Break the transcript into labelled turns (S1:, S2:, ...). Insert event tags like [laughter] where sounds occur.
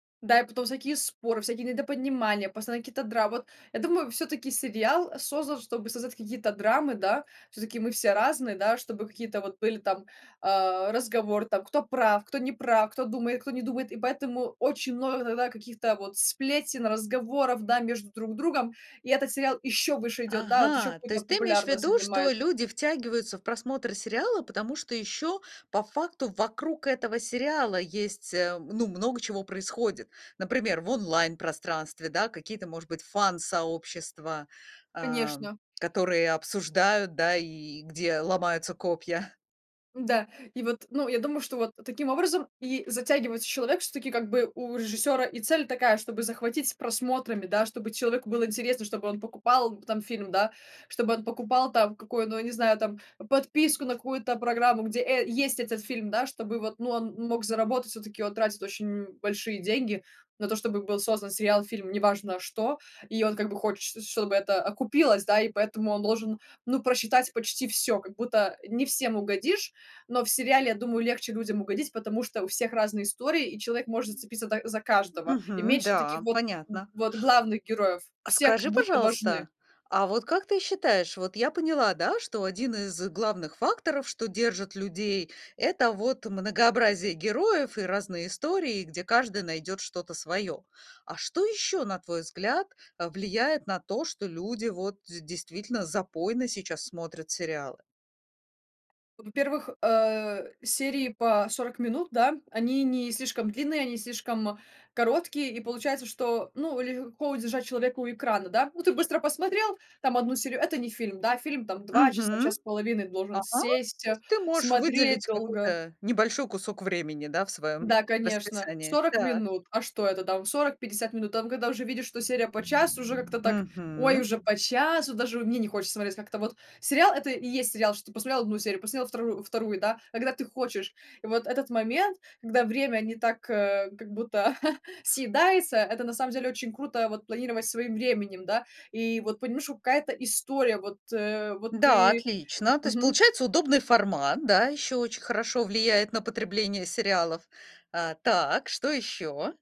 S1: Да, и потом всякие споры, всякие недопонимания, постоянные какие-то драмы. Вот я думаю, всё-таки сериал, э, создан, чтобы создавать какие-то драмы, да. Всё-таки мы все разные, да, чтобы какие-то вот были там, а, разговоры там, кто прав, кто не прав, кто думает, кто не думает, и поэтому очень много иногда каких-то вот сплетен, разговоров, да, между друг другом. И этот сериал ещё выше идёт, да, вот ещё
S2: Ага, то
S1: какую-то
S2: есть ты имеешь в
S1: популярность
S2: виду, что
S1: занимает.
S2: люди втягиваются в просмотр сериала, потому что еще по факту вокруг этого сериала есть, э, ну, много чего происходит. Например, в онлайн-пространстве, да, какие-то, может быть, фан-сообщества, ам,
S1: Конечно.
S2: которые обсуждают, да, и где ломаются копья.
S1: М-да, и вот, ну, я думаю, что вот таким образом и затягивается человек. Всё-таки, как бы, у режиссёра и цель такая, чтобы захватить просмотрами, да, чтобы человеку было интересно, чтобы он покупал, э, там фильм, да. Чтобы он покупал там какую ну, я не знаю, там подписку на какую-то программу, где, э, есть этот фильм, да, чтобы вот, ну, он мог заработать. Всё-таки он тратит очень, м, большие деньги на то, чтобы был создан сериал, фильм, неважно что, и он, как бы, хочет, ш чтобы это окупилось, да, и поэтому он должен, ну, просчитать почти всё. Как будто не всем угодишь, но в сериале, я думаю, легче людям угодить, потому что у всех разные истории, и человек может зацепиться так за каждого, и
S2: Мгм.
S1: меньше таких
S2: Да,
S1: вот, м,
S2: понятно.
S1: вот главных героев.
S2: А
S1: Все как
S2: скажи,
S1: будто важны.
S2: пожалуйста, а вот как ты считаешь, вот я поняла, да, что 1 из главных факторов, что держат людей,- это вот многообразие героев и разные истории, где каждый найдет что-то свое. А что еще, на твой взгляд, влияет на то, что люди вот д действительно запойно сейчас смотрят сериалы?
S1: Во-первых, э, серии по 40 минут, да, они не слишком длинные, они не слишком короткие, и получается, что, ну, легко удержать человека у экрана, да? Ну, ты быстро посмотрел там 1 серию, это не фильм, да, фильм там 2 часа,
S2: Мгм.
S1: час с половиной должен
S2: Ага,
S1: сесть,
S2: то
S1: а,
S2: есть ты можешь
S1: смотреть
S2: выделить
S1: долго.
S2: какой-то небольшой кусок времени, да, в своём
S1: Да, конечно,
S2: расписании,
S1: 40
S2: так.
S1: минут. А что это там? 40-50 минут? Там, когда уже видишь, что серия по часу, уже как-то так: ой,
S2: Мгм.
S1: уже по часу. Даже, ну, мне не хочется смотреть как-то вот. Сериал- это и есть сериал, что ты посмотрел 1 серию, посмотрел втору вторую, да, когда ты хочешь. И вот этот момент, когда время не так, э, как будто [chuckles] съедается, это на самом деле очень круто- вот планировать своим временем, да, и вот понимаешь, что какая-то история, вот, э, вот
S2: Да,
S1: ты
S2: отлично. То есть
S1: Мгм.
S2: получается удобный формат, да, ещё очень хорошо влияет на потребление сериалов. А, так, что ещё?